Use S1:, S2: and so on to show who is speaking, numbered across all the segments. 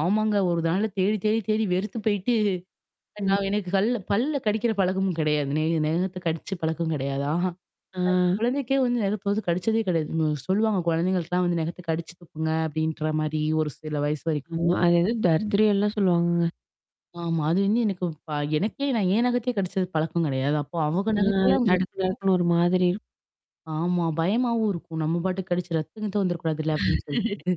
S1: ஆமாங்க. ஒரு நாளு தேடி, தேடி, தேடி வெறுத்து போயிட்டு, நான்
S2: ம்.
S1: எனக்கு கல்ல பல்ல கடிக்கிற பழக்கமும் கிடையாது. நெ நகத்த கடிச்ச பழக்கம் கிடையாது. அஹ என்
S2: ஆ.
S1: குழந்தைக்கே வந்து நெகத்து வது கடிச்சதே கிடையாது. சொல்லுவாங்க. கொழந்தைங்களுக்குலாம் வந்து நகத்து கடிச்சு துப்புங்க. அப்படின்ற மாரி ஒரு சில வயசு
S2: ஆமா.
S1: வரைக்கும்.
S2: அது ஏதோ தர்திர்யம் எல்லாம் சொல்லுவாங்கங்க.
S1: ஆமா. அது வந்து எனக்கு ப எனக்கே நான் என்ன் நகத்தே கிடைச்சது பழக்கம் கிடையாது. அப்போ அவக
S2: ஆ
S1: நகத்தல்லாம்
S2: நடுக்கு, நடுக்குன்னு ஒரு மாதிரி இருக்
S1: ஆமா. பயமாவும் இருக்கும். நம்ம பாட்டுக்கு கடிச்சு ரத்தம் கித்தம் வந்துரக்கூடாதுல்ல அப்டின்னு சொல்லிட்டு.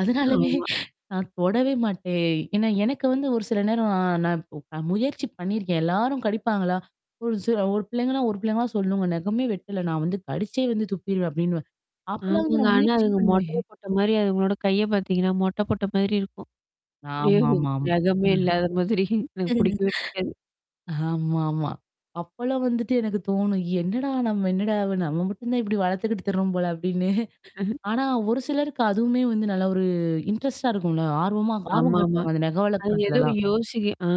S1: அதனாலயே
S2: ஆமா.
S1: நான் தொடவே மாட்டேன். ஏன்னா எனக்கு வந்து ஒரு சில நேரம் ந நான் முயற்சி பண்ணியிருக்கேன் எல்லாரும் கடிப்பாங்களா? ஒரு ஒரு பிள்ளைங்கன்னா, ஒரு பிள்ளைங்களா சொல்லுங்க. நெகமே வெட்டல நான் வந்து கடுச்சே வந்து துப்பிருவேன் அப்படின்னுவன். அப்டிலாம் வந்து
S2: ஆமாங்க.
S1: நான்
S2: ஆனா
S1: முயற்சி
S2: அதுங்க
S1: பண்ணுவேன்.
S2: மொட்டைய போட்ட மாரி அதுங்களோட கைய பாத்தீங்கன்னா, மொட்ட போட்ட மாதிரி இருக்கும். அப்படியோ
S1: ஆமாமாம்.
S2: நகமே
S1: ம்.
S2: இல்லாத மாதிரி எனக்கு புடிக்கவே பிடிக்காது.
S1: ஆமாமா. அப்பலாம் வந்துட்டு எனக்கு தோணும். என்னடா நம்ம என்னடா நம்ம மட்டும் தான் இப்டி வளத்துக்கிட்டு திருறோம் போல அப்டின்னு. ஆனா ஒரு சிலருக்கு அதுவுமே வந்து நல்ல ஒரு இன்ட்ரெஸ்ட்டா இருக்கும்ல. ஆர்வமா ஆர்வம்
S2: ஆமாமா.
S1: காட்டுவாங்க. அந்த நெக
S2: அதுங்க ஏதோ
S1: வளக்கறதுலலாம்.
S2: யோசிக்க ஆ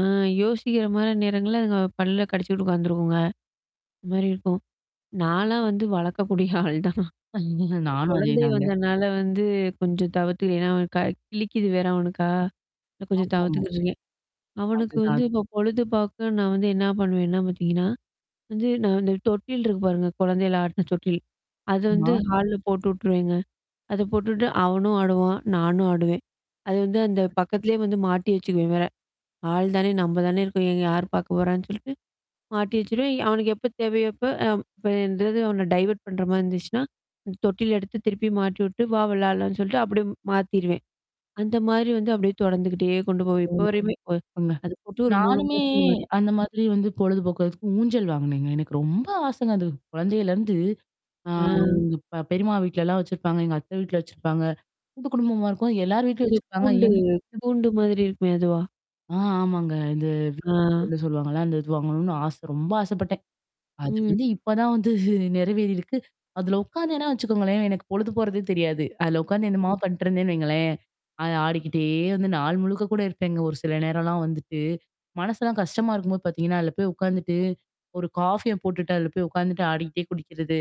S2: யோசிக்கிற மாரி நேரங்கள்ல அதுங்க பல்ல கடிச்சுக்கிட்டு உட்காந்துருக்குங்க. மாரி இருக்கும். நாலாம் வந்து வளக்கக்கூடிய ஆள் தான்.
S1: நானும்
S2: குழந்தை
S1: அதேதாங்க.
S2: வந்தனால வந்து கொஞ்சம் தவிர்த்து ஏன்னா, அவன் க கிழிக்கிது வேற அவனுக்கா. கொஞ்சம்
S1: ஆமாமா.
S2: தவிர்த்துக்கிட்டுறீங்க அவனுக்கு வந்து
S1: அதுதான்
S2: இப்ப பொழுது பாக்க நான் வந்து என்ன பண்ணுவேன்னா பாத்தீங்கன்னா? வந்து நான் இந்த தொட்டில் இருக்கு பாருங்க. குழந்தையில ஆட்டுன தொட்டில். அது வந்து
S1: ஆமா.
S2: ஹால்ல போட்டு விட்டுருவேங்க. அத போட்டுட்டு அவனும் ஆடுவான் நானும் ஆடுவேன். அது வந்து அந்த பக்கத்திலேயே வந்து மாட்டி வச்சுக்குவேன் வேற. ஆள் தானே நம்ப தானே இருக்கோம். இங்க யார் பார்க்க போறான்னு சொல்லிட்டு. மாட்டி வச்சுருவேன் அவனக்கு எப்ப தேவையோப்போ அ இப்பந்தாவது அவன டைவர்ட் பண்ற மாரி இருந்துச்சுன்னா. தொட்டில எடுத்து திருப்பி மாட்டி விட்டு, வா விளடலாம்னு சொல்லிட்டு அப்படியே மாத்திருவேன். அந்த மாதிரி வந்து அப்படியியே தொடர்ந்துகிட்டே கொண்டு போவன். இப்போ
S1: ம்
S2: வரையுமே ஒ
S1: தப்புங்க.
S2: அது போட்டு 3
S1: நானுமே
S2: மாசத்துக்கு மே
S1: அந்த மாதிரி வந்து பொழுதுபோக்குக்கு ஊஞ்சல் வாங்கனேங்க. எனக்கு ரொம்ப ஆசங்க. அது குழந்தையிலருந்து ஆ
S2: அ.
S1: எங்க ப பெரியம்மா வீட்லலாம் வச்சிருப்பாங்க. எங்க அத்த வீட்ல வச்சிருப்பாங்க. கூட்டு குடும்பமா இருக்கவும். எல்லார் வீட்லயும்
S2: அந்த
S1: வச்சிருப்பாங்க.
S2: கூண்டு
S1: எங்க
S2: கூண்டு மாதிரி இருக்குமே அதுவா?
S1: ஆ ஆமாங்க. இந்த
S2: ஆ.
S1: [unintelligible] சொல்லுவாங்கல்ல? அந்த இது வாங்கணும்னு ஆச. ரொம்ப ஆசைப்பட்டேன். அது
S2: ம்.
S1: வந்து இப்ப தான் வந்து நெறைவேறிருக்கு. அதல உட்காந்தேனா வச்சுக்கோங்களேன் எனக்கு பொழுது போறதே தெரியாது. அதுல உட்கார்ந்து என்னமா
S2: [unintelligible]
S1: பண்ணட்டுருந்தேன்னு வைங்களேன். அ ஆடிக்கிட்டே வந்து நாள் முழுக்க கூட இருப்பேங்க. ஒரு சில நேரம்லாம் வந்துட்டு. மனசெல்லாம் கஷ்டமா இருக்கும்போது பாத்தீங்கன்னா, அதுல போய் உட்காந்துட்டு. ஒரு காஃபிய போட்டுட்டு அதுல போய் உட்காந்துட்டு ஆடிக்கிட்டே குடிக்கிறது.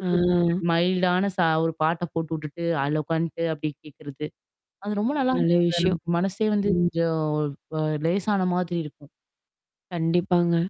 S2: ஆ.
S1: மைல்டான சா ஒரு பாட்ட போட்டு விட்டுட்டு அதுலா உகாண்ட்டு அப்டே கேட்கறது. அது ரொம்ப நல்லா
S2: நல்ல
S1: இருக்கும்.
S2: விஷயம்.
S1: நமக்கு மனசே வந்து
S2: ம்
S1: கொஞ்சம் அ லேசான மாதிரி இருக்கும்.
S2: கண்டிப்பாங்க.